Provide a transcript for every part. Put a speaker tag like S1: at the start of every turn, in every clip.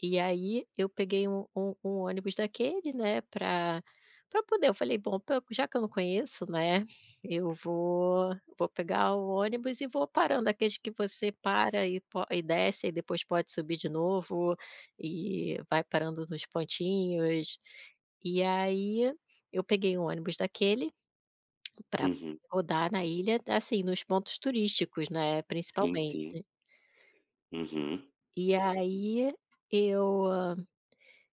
S1: E aí, eu peguei um um um, ônibus daquele, né, pra pra poder, eu falei: "Bom, já que eu não conheço, né, eu vou vou pegar o ônibus e vou parando", aqueles que você para, e po e desce, e aí depois pode subir de novo, e vai parando nos pontinhos. E aí, eu peguei um ônibus daquele, para poder
S2: Uhum.
S1: rodar na ilha, assim, nos pontos turísticos, né,
S2: Sim, sim.
S1: principalmente.
S2: Uhum.
S1: E aí eu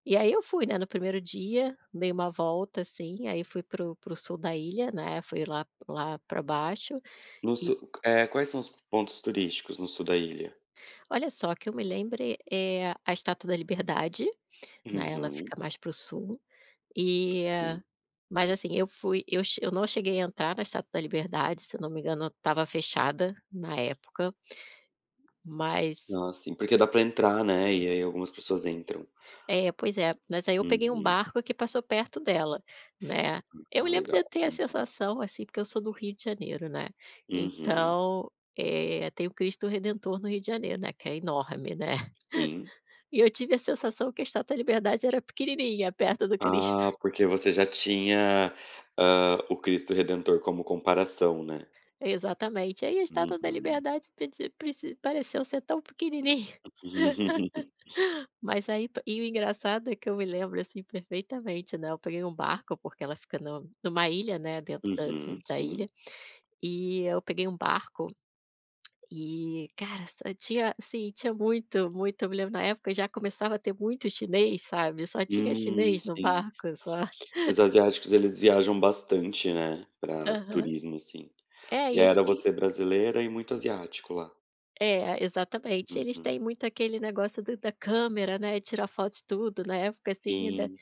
S1: e aí eu fui, né, no 1º dia, dei uma volta, assim, aí fui para o para o sul da ilha, né, fui lá lá para baixo
S2: No
S1: e
S2: sul, eh, quais são os pontos turísticos no sul da ilha?
S1: Olha só, que eu me lembre, é a estátua da liberdade, né, ela
S2: Uhum.
S1: fica mais para o sul, e,
S2: Sim.
S1: mas assim, eu fui, eu che eu não cheguei a entrar na estátua da liberdade, se eu não me engano ela estava fechada na época, mas
S2: Ah, sim. Porque, dá para entrar, né, e aí algumas pessoas entram.
S1: É, pois é, mas aí eu peguei um
S2: Uhum.
S1: barco, que passou perto dela, né, eu
S2: Ah
S1: lembro de
S2: legal,
S1: eu ter a
S2: uhum.
S1: sensação, assim, porque eu sou do Rio de Janeiro, né,
S2: Uhum.
S1: então, eh, tem o Cristo Redentor no Rio de Janeiro, né, que é enorme, né,
S2: Sim.
S1: e eu tive a sensação que a estátua da liberdade, era pequenininha perto do Cristo.
S2: Ah, porque você já tinha, hã, o Cristo Redentor como comparação, né?
S1: Exatamente, aí a estátua da
S2: Uhum.
S1: liberdade predisi preci pareceu ser tão pequenininha. Mas aí, e o engraçado, é que eu me lembro, assim, perfeitamente, né, eu peguei um barco porque ela fica no numa ilha, né, dentro da de
S2: Uhum.
S1: da
S2: Sim.
S1: ilha, e eu peguei um barco, e cara, só tinha, assim, tinha muito, muito, eu me lembro na época já começava a ter muito chinês, sabe, só tinha
S2: Hum,
S1: chinês no
S2: sim.
S1: barco só.
S2: Que os asiáticos eles viajam bastante, né, para
S1: Aham.
S2: turismo, assim.
S1: É
S2: E
S1: e
S2: aí,
S1: eles
S2: era
S1: têm
S2: você brasileira e muito asiático lá?
S1: É, exatamente, eles
S2: Uhum.
S1: têm muito aquele negócio do da câmera, né, tirar foto de tudo na época, assim, ainda.
S2: Sim.